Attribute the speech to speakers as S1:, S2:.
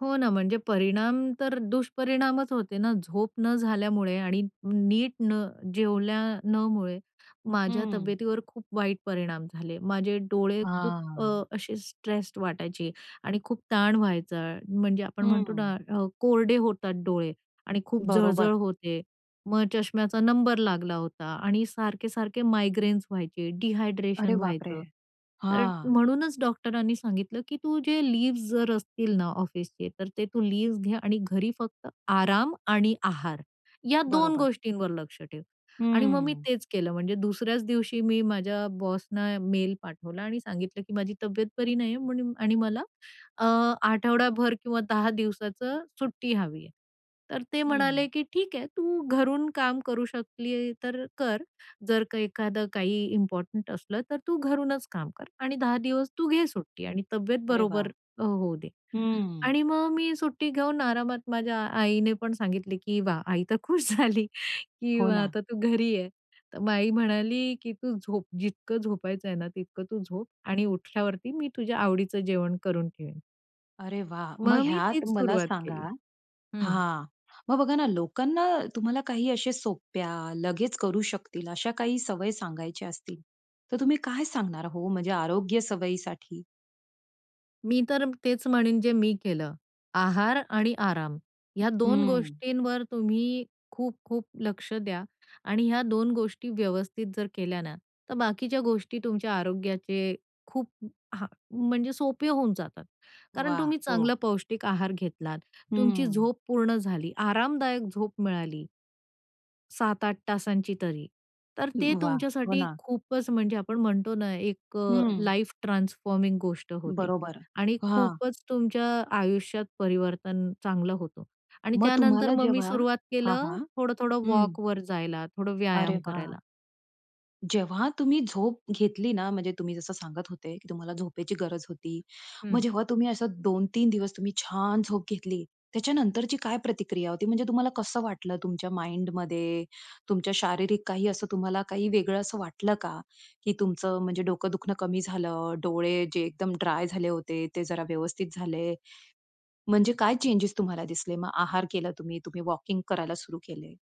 S1: हो ना, म्हणजे परिणाम तर दुष्परिणामच होते ना. झोप न झाल्यामुळे आणि नीट न जेवल्या न मुळे माझ्या
S2: हं.
S1: तब्येतीवर खूप वाईट परिणाम झाले. माझे डोळे खूप अ,
S2: हां.
S1: असे स्ट्रेस्ड वाटायचे आणि खूप ताण व्हायचा, म्हणजे आपण म्हणतो
S2: हं.
S1: ना अ, कोरडे होतात डोळे आणि खूप
S2: बरोबर.
S1: जळ-जळ होते, मग चष्म्याचा नंबर लागला होता आणि सारखे-सारखे मायग्रेन्स व्हायचे,
S2: अरे
S1: डिहायड्रेशन
S2: बापरे!
S1: व्हायचं. तर
S2: हां.
S1: म्हणूनच डॉक्टरांनी सांगितलं, की "तू जे लीव्हज जर असतील ना ऑफिसचे, तर ते तू लीव्हज घ्या आणि घरी फक्त आराम आणि आहार या 2
S2: बरोबर.
S1: गोष्टींवर लक्ष ठेव." आणि मग मी
S2: हं.
S1: तेच केलं, म्हणजे दुसऱ्याच दिवशी मी माझ्या बॉसना मेल पाठवला आणि सांगितलं, की माझी तब्येत बरी नाहीये म्हणून आणि मला अ, आठवडाभर किंवा 10 दिवसांच सुट्टी हवी आहे. तर ते
S2: हं.
S1: म्हणाले, की "ठीक आहे, तू घरून काम करू शकली तर कर. जर का एखादं काही इम्पॉर्टंट असलं तर तू घरूनच काम कर आणि 10 दिवस तू घे सुट्टी आणि तब्येत
S2: अरे वाह!
S1: बरोबर अ, होऊ दे."
S2: हं.
S1: आणि मग मी सुट्टी घेऊन आरामात, माझ्या आईने पण सांगितलं, की वाह, आई तर खुश झाली, की
S2: हो
S1: व
S2: ना.
S1: आता तू घरी आहे. तर मग आई म्हणाली, की "तू झोप, जितकं झोपायचं आहे ना तितकं तू झोप आणि उठल्यावरती मी तुझ्या आवडीचं जेवण करून ठेवेन."
S2: अरे वाह! मग
S1: मग मी
S2: ह्यात
S1: तीच
S2: मला
S1: सुरुवात
S2: सांगा
S1: केली. हं.
S2: हां. मग बघा ना लोकांना तुम्हाला काही अशा सोप्या, लगेच करू शकतील अशा काही सवयी सांगायच्या असतील, तर तुम्ही काय सांगणार हो? म्हणजे आरोग्य सवयीसाठी?
S1: मी तर तेच म्हणेन जे मी केलं. आहार आणि आराम ह्या दोन
S2: हं.
S1: गोष्टींवर तुम्ही खूप-खूप लक्ष द्या आणि ह्या दोन गोष्टी व्यवस्थित जर केल्या ना, तर बाकीच्या गोष्टी तुमच्या आरोग्याचे खूप हां, म्हणजे सोपे होऊन जातात. कारण
S2: वाह!
S1: तुम्ही
S2: हो.
S1: चांगला पौष्टिक आहार घेतलात, तुमची
S2: हं.
S1: झोप पूर्ण झाली, आरामदायक झोप मिळाली 7-8 तासांची तरी, तर ते
S2: वाह! हो
S1: तुमच्यासाठी
S2: ना.
S1: खूपच म्हणजे आपण म्हणतो ना एक अ,
S2: हं.
S1: लाईफ ट्रान्सफॉर्मिंग गोष्ट होते
S2: बरोबर.
S1: आणि
S2: हां.
S1: खूपच तुमच्या आयुष्यात परिवर्तन चांगलं होतं. आणि
S2: मग
S1: त्यानंतर
S2: तुम्हाला
S1: मग मी
S2: जेव्हा
S1: सुरुवात
S2: हां,
S1: केलं
S2: हां.
S1: थोडं-थोडं
S2: हं.
S1: वॉकवर जायला, थोडं
S2: अरे
S1: व्यायाम करायला.
S2: वाह! जेव्हा तुम्ही झोप घेतली ना, म्हणजे तुम्ही जसं सांगत होते, की तुम्हाला झोपेची गरज होती. मग
S1: हं.
S2: जेव्हा तुम्ही असं 2-3 दिवस तुम्ही छान झोप घेतली, त्याच्यानंतरची काय प्रतिक्रिया होती? म्हणजे तुम्हाला कसं वाटलं तुमच्या माइंडमध्ये, तुमच्या शारीरिक काही असं तुम्हाला काही वेगळं असं वाटलं का? की तुमचं म्हणजे डोकं दुखणं कमी झालं, डोळे जे एकदम ड्राय झाले होते, ते जरा व्यवस्थित झाले. म्हणजे काय चेंजस तुम्हाला दिसले मग आहार केला तुम्ही, तुम्ही वॉकिंग करायला सुरू केले?